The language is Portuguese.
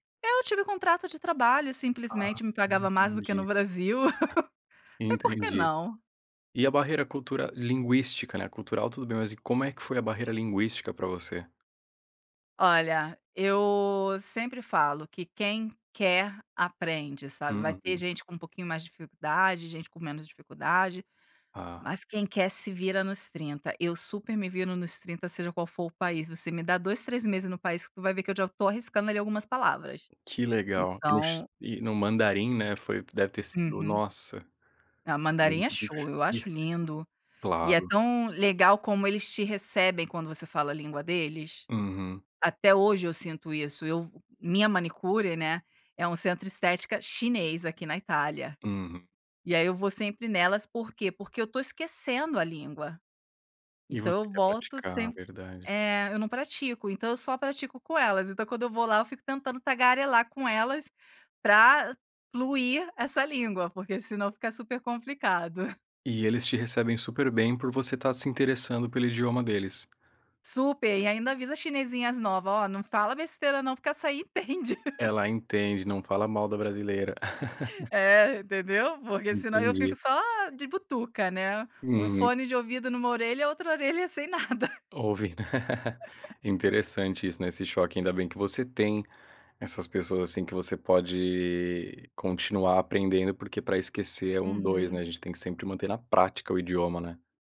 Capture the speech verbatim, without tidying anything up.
Eu tive contrato de trabalho e Ah, simplesmente me pagava mais do que entendi. no Brasil, e por que Entendi. não? E a barreira cultura linguística ,né, a cultural tudo bem, mas e como é que foi a barreira linguística pra você? Olha, eu sempre falo que quem quer aprende, sabe, vai ter Uhum. gente com um pouquinho mais dificuldade, gente com menos dificuldade, Ah. mas quem quer se vira nos trinta. Eu super me viro nos trinta seja qual for o país. Você me dá dois, três meses no país que tu vai ver que eu já tô arriscando ali algumas palavras. Que legal. Então E no mandarim, né, foi deve ter sido, Uhum. nossa Ah, mandarim é show, eu acho [unintelligible] lindo e é Claro. tão legal como eles te recebem quando você fala a língua deles. Uhum. Até hoje eu sinto isso, eu minha manicure, né, é um centro de estética chinês aqui na Itália, Uhum. e aí eu vou sempre nelas, por quê? Porque eu tô esquecendo a língua. E você Então eu quer volto praticar. semp Verdade. é, eu não pratico, então eu só pratico com elas. Então quando eu vou lá eu fico tentando tagarelar com elas pra fluir essa língua, porque senão fica super complicado. E eles te recebem super bem por você estar se interessando pelo idioma deles. Super! E ainda avisa as chinesinhas nova, "Ó, não fala besteira não porque essa aí entende". Ela entende, não fala mal da brasileira. É, entendeu? Porque senão eu fico Entendi. só de butuca, né, um Uhum. fone de ouvido numa orelha, outra orelha sem nada. Ouve. Interessante isso, né, esse choque. Ainda bem que você tem essas pessoas, assim, que você pode continuar aprendendo, porque pra esquecer é um dois, né. Uhum. A gente tem que sempre manter na prática o idioma, né.